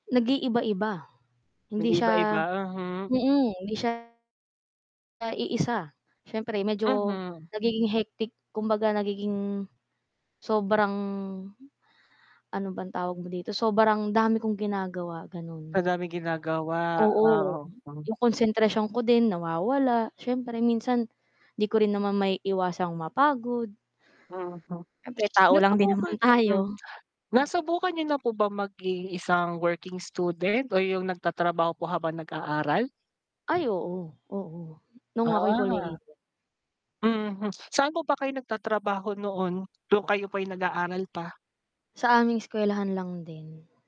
Nag-iiba-iba, hindi siya Nag-iiba-iba, hmm. mm, hindi siya na iisa siyempre medyo Mhm. nagiging hectic kumbaga nagiging, sobrang, ano bang tawag mo dito? Sobrang dami kong ginagawa, gano'n. Madaming ginagawa, Oo, oo. Oh. yung konsentrasyon ko din nawawala, siyempre minsan 'di ko rin naman maiiwasang mapagod. Mhm, Siyempre tao lang din naman nasubukan hmm, tayo. nasubukan niyo na po ba maging working student o yung nagtatrabaho po habang nag aaral? Ay, oo, oo, nung ako'y Ah. kolehiyo. Mhm, saan po ba kayo nagtatrabaho noon nung kayo po'y nag-aaral pa? Sa aming eskwelahan lang din.